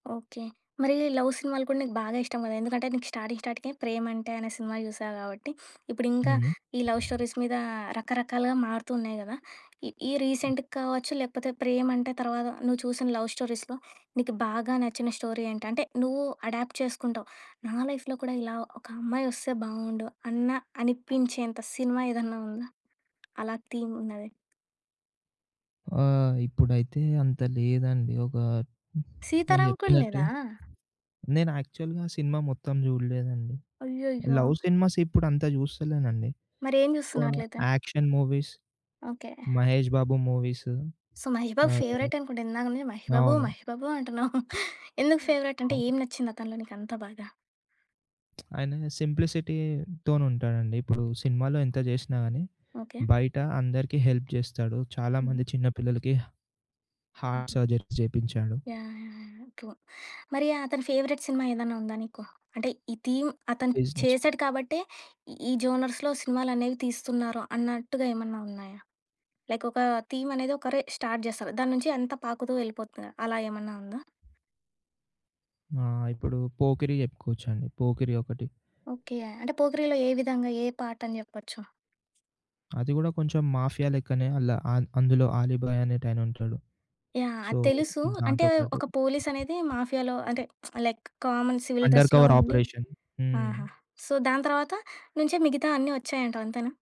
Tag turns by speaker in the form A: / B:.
A: Okay. మరి love సినిమాలు కూడా నీకు బాగా ఇష్టం కదా! ఎందుకంటే నీకు స్టార్టింగ్ స్టార్టింకే 'ప్రేమంటే' అనే సినిమా చూసావు గాబట్టి ఇప్పుడింకా
B: హుహు.
A: ఈ లవ్ స్టోరీస్ మీద రకరకాలుగా మారుతూ ఉన్నాయి గదా! ఈ ఈ
B: హ్మ్.
A: రీసెంట్‌గా కావచ్చు, లేకపోతే ప్రేమంటే తర్వాత నువ్వు చూసిన లవ్ స్టోరీస్‌లో నీకు బాగా నచ్చిన స్టోరీ ఏంటి? అంటే నువ్వు అడాప్ట్ చేసుకుంటావు. "నా లైఫ్‌లో కూడా ఇలా ఒక అమ్మాయి వస్తే బాగుండు." అన్న అనిపించేంత సినిమా ఏదన్నా ఉందా? అలా థీమ్ ఉన్నది?
B: ఆ! ఇప్పుడైతే అంత లేదండి. ఒక నేను
A: 'సీతారామం' కూడా
B: జెప్పినట్టు.
A: లేదా?
B: నేనాక్చువల్‌గా సినిమా మొత్తం జూడలేదండి.
A: అయ్యయ్యో!
B: లవ్ సినిమాస్ ఇప్పుడంత జూస్తలేనండి.
A: మరేం
B: వా
A: చూస్తున్నావు అట్లయితే?
B: Action movies
A: okay.
B: Mahesh Babu movies
A: so Mahesh Babu
B: ఆహ్,
A: ఫేవరైట్ అనుకుంటా. ఇందాక నుంచి మహేష్ బాబు,
B: అవును.
A: మహేష్ బాబు అంటున్నావు. ఎందుకు ఫేవరైట్? అంటే
B: అవును.
A: ఏం నచ్చిందతనిలో నీకంత బాగా?
B: ఆయన సింప్లిసిటీతోనుంటాడండి. ఇప్పుడు సినిమాలో ఎంత జేసినా గానీ
A: ఓకే.
B: బయట అందరికి హెల్ప్ జేస్తాడు.
A: హుహు.
B: చాలామంది చిన్నపిల్లలకి హార్ట్
A: హుహు.
B: సర్జరీ చేపించాడు.
A: యాహ్! యాహ్! యాహ్! ట్రూ. మరి అతని ఫేవరైట్ సినిమా ఏదన్నా ఉందా నీకు? అంటే ఈ థీమ్ అతను
B: బిజినెస్
A: చేసాడు కాబట్టే ఈ జోనర్స్‌లో సినిమాలనేవి తీస్తున్నారు, అన్నట్టుగా ఏమన్నా ఉన్నాయా? లైక్ ఒక థీమ్ అనేది ఒకరే స్టార్ట్ జేస్తారు. దాన్నుంచి అంతా పాకుతూ వెళ్ళిపోతుంది. అలా ఏమన్నా ఉందా?
B: ఆ! ఇప్పుడు 'పోకిరి' చెప్పుకోవచ్చండి. 'పోకిరి' ఒకటి.
A: ఓకే. అంటే 'పోకిరి'లో ఏ విధంగా ఏ పార్టని చెప్పొచ్చు?
B: అది కూడా కొంచెం మాఫియా లెక్కనే. అల్ల అ అందులో ఆలీబాయ్ అనేటాయనుంటాడు.
A: యాహ్!
B: సో
A: అది తెలుసు. అంటే
B: దాంతో పాటు
A: ఒక పోలీసనేది మాఫియాలో అంటే లైక్ కామన్ సివిల్
B: అండర్
A: డ్రెస్‌లో
B: కవర్
A: ఉండి
B: ఆపరేషన్.
A: ఆహా!
B: హ్మ్.
A: సో దాని తర్వాత నుంచే మిగతాయన్ని వచ్చాయంటవంతేనా?